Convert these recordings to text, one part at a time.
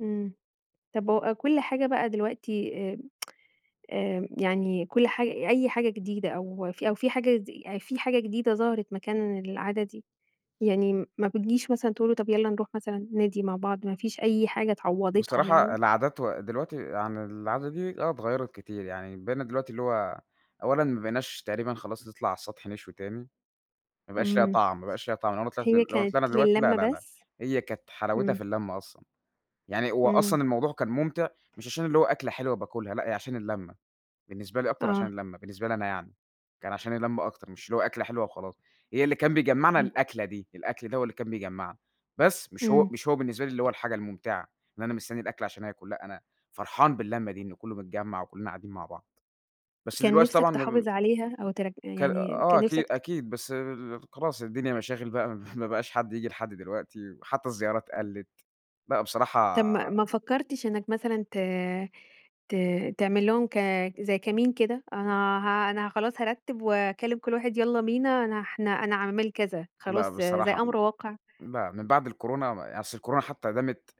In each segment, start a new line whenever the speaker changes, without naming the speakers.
إمم، طب هو كل حاجة بقى دلوقتي آآ، آآ، يعني كل حاج أي حاجة جديدة أو ف أو في حاجة دي يعني في حاجة جديدة ظهرت مكان العادة دي، يعني ما بتجيش مثلًا تقول له طب يلّا نروح مثلًا النادي مع بعض؟ ما فيش أي حاجة عوضتها
بصراحة
يعني؟
العادات و دلوقتي يعني العادة دي آه اتغيّرت كتير، يعني بقينا دلوقتي اللي هو، أولًا ما بقيناش تقريبًا خلاص نطلع على السطح نشوي تاني ما بقاش لها
إمم
طعم، ما بقاش لها طعم، لو أنا طلعت دلو
هي
لو
كانت
طلعنا دلوقتي لا،
للمة
لا، لا،
بس؟
هي كانت حلاوتها
إمم.
في اللمة أصلًا، يعني هو
إمم.
أصلًا الموضوع كان مُمتع مش عشان اللي هو أكلة حلوة باكلها لأ، هي عشان اللمّة، بالنسبة لي أكتر عشان
آه.
اللمّة، بالنسبة لي أنا يعني، كان عشان اللمّة أكتر مش اللي هو أكلة حلوة وخلاص. هي اللي كان بيجمعنا
إمم.
الأكلة دي، الأكل ده هو اللي كان بيجمعنا، بس مش هو
إمم.
مش هو بالنسبة لي اللي هو الحاجة الممتعة، إن أنا مستني الأكل عشان آكُل لأ، أنا فرحان باللمّة دي إنه كله متجمع وكلنا قاعدين مع بعض. بس
كان
دلوقتي
نفسك
طبعًا مبم
تحافظ عليها أو تر
كا
يعني
آه
كان
أكيد،
نفسك
أكيد، بس [unintelligible] خلاص الدنيا مشاغل بقى
[unintelligible]
ما بقاش حد ييجي لحد دلوقتي، وحتى الزيارات قلّت. بقى بصراحة
طب ما ما فكرتش إنك مثلًا ت ت تعمل لهم ك زي كمين كده، أنا ه أنا خلاص هارتب وأكلّم كل واحد يلّا بينا، أنا احنا أنا عامل كذا،
لأ
خلاص زي
بصراحة
أمر واقع؟
لأ من بعد الكورونا ما ي أصل الكورونا حتى دامِت،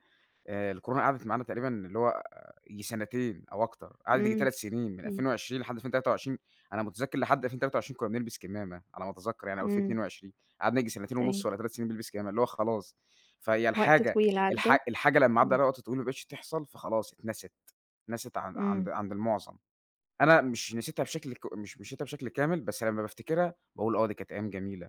آآ، الكورونا قعدت معانا تقريبًا اللي هو ييجي سنتين أو أكتر، قعدت ييجي
إمم،
3 سنين، من
إمم.
2020 لحد 2023، أنا مُتذكر لحد 2023 كنّا بنلبس كمامة على ما أتذكر يعني أو ألفين
إمم.
اتنين وعشرين، قعدنا ييجي سنتين ونص
أيوه.
والّا 3 سنين بنلبس كمامة اللي هو خلاص. فهي
وقت
الحاجة
طويل عدى.
الح الحاجة لمّا عدى
إمم.
عليها وقت طويل وما بقتش تحصل، فخلاص اتنست، اتنست عن
إمم.
عند عند المعظم. أنا مش نسيتها بشكل ك مش نسيتها بشكل كامل، بس لمّا بافتكرها باقول آه دي كانت أيام جميلة.